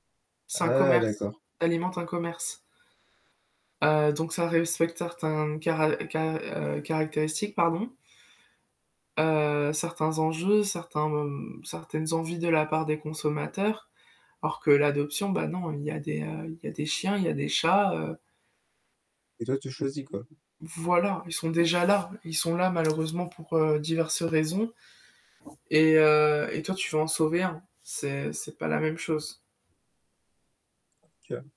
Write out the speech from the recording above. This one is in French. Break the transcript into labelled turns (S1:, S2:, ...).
S1: C'est un
S2: Ah
S1: commerce
S2: d'accord.
S1: alimente un commerce. Heu, donc ça respecte certains cara car heu, caractéristiques pardon. Heu, certains enjeux, certains mom certaines envies de la part des consommateurs, alors que l'adoption, bah non, il y a des, heu, il y a des chiens, il y a des chats, heu
S2: Et toi, tu choisis, quoi?
S1: Voilà, ils sont déjà là. Ils sont là malheureusement pour, heu, diverses raisons et heu et toi tu veux en sauver un, c'est c'est pas la même chose.
S2: OK.